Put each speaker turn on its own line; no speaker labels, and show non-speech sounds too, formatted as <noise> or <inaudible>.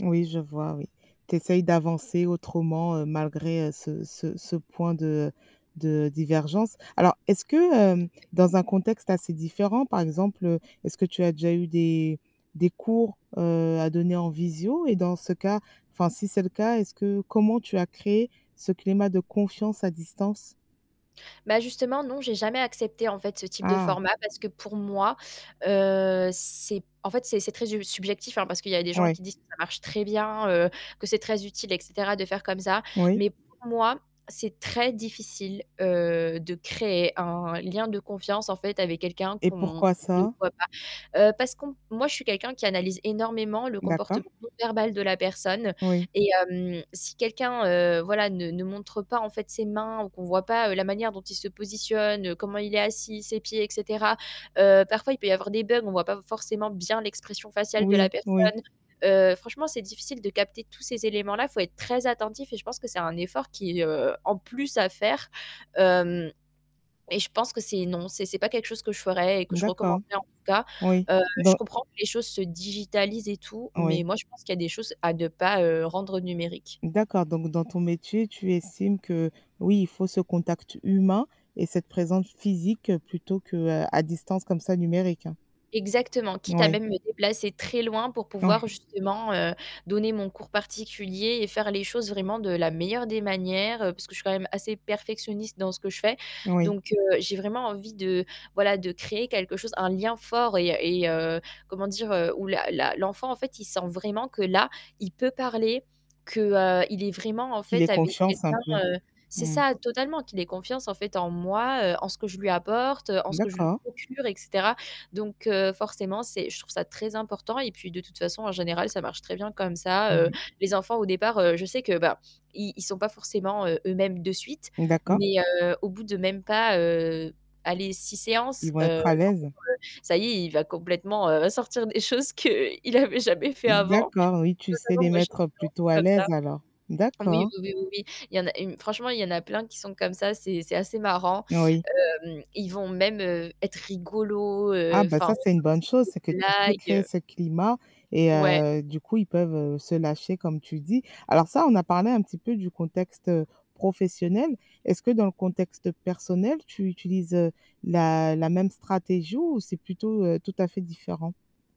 Oui, je vois, oui. Tu essayes d'avancer autrement, heu, malgré, heu, ce ce ce point de, heu, de divergence. Alors est-ce que, hem, dans un contexte assez différent, par exemple, heu, est-ce que tu as déjà eu des des cours, heu, à donner en visio et dans ce cas, enfin, si c'est le cas, est-ce que comment tu as créé ce climat de confiance à distance?
Bah, justement, non, j'ai jamais accepté, en fait, ce type de
Ah!
format parce que, pour moi, heu, c'est en fait, c'est c'est très sub subjectif hein, parce qu'il y avait des gens
Oui.
qui disent que ça marche très bien, heu, que c'est très utile et cetera, de faire comme ça.
Oui.
Mais pour moi, c'est très difficile, heu, de créer un lien de confiance, en fait, avec quelqu'un
Et
qu'on
pourquoi
ne
ça?
voit pas. Heu, parce qu'on moi, je suis quelqu'un qui analyse énormément le
D'accord.
comportement non verbal de la personne
Oui.
et hem, si quelqu'un, heu, voilà, ne ne montre pas, en fait, ses mains ou qu'on voit pas, heu, la manière dont il se positionne, heu, comment il est assis, ses pieds et cetera. Heu, parfois, il peut y avoir des bugs, on voit pas forcément bien l'expression faciale de la
Oui. Oui.
personne. Heu, franchement, c'est difficile de capter tous ces éléments-là, faut être très attentif et je pense que c'est un effort qui est, heu, en plus à faire. Hem et je pense que c'est non, c'est c'est pas quelque chose que je ferais et que je
D'accord.
recommanderais, en tout cas.
Oui.
Heu, je
Donc
comprends que les choses se digitalisent et tout mais
Oui.
moi, je pense qu'il y a des choses à ne pas, heu, rendre numériques.
D'accord donc dans ton métier, tu estimes que, oui, il faut ce contact humain et cette présence physique plutôt qu'à distance, comme ça, numérique?
Exactement, quitte à,
Oui.
même, me déplacer très loin pour pouvoir
Ouais.
justement, heu, donner mon cours particulier et faire les choses, vraiment, de la meilleure des manières, heu, parce que je suis quand même assez perfectionniste dans ce que je fais.
Oui.
Donc, heu, j'ai vraiment envie de, voilà, de créer quelque chose, un lien fort et heu et heu, comment dire, heu, où la la l'enfant, en fait, il sent vraiment que, là, il peut parler, que, heu, il est vraiment, en
Qu'il
fait,
ait
avec
confiance un
quelqu'un,
peu.
heu c'est
Mmh.
ça, totalement, qu'il ait confiance, en fait, en moi, heu, en ce que je lui apporte, heu, en ce que je lui
D'accord.
procure et cetera. Donc heu, forcément, c'est je trouve ça très important et puis de toute façon, en général, ça marche très bien comme ça.
Mmh
Heu,
mh.
les enfants, au départ, heu, je sais que, bah, i ils sont pas forcément, heu, eux-mêmes de suite
D'accord.
mais heu, au bout de même pas, heu, allez, 6 séances,
Ils vont
heu,
être à
en fait,
l'aise.
heu, ça y est, il va complètement, heu, sortir des choses qu'il avait jamais faits avant.
D'accord. Oui, tu sais
Totalement.
les
Moi j'ai une
mettre plutôt
<unintelligible>
à
comme ça
l'aise alors?
oui,
D'accord.
oui, oui, oui, oui, il y en a une franchement, il y en a plein qui sont comme ça. C'est c'est assez marrant.
Oui.
Hem, Ils vont même, heu, être rigolos, heu,
Ah, bah,
enfin,
ça,
même
c'est une bonne
sortir
chose,
des
c'est que tu sais
blagues,
créer
heu
ce climat et
Ouais.
heu, du coup, ils peuvent, heu, se lâcher comme tu le dis. Alors ça, on a parlé un petit peu du contexte, heu, professionnel. Est-ce que dans le contexte personnel, tu utilises, heu, la la même stratégie ou c'est plutôt, heu, tout à fait différent?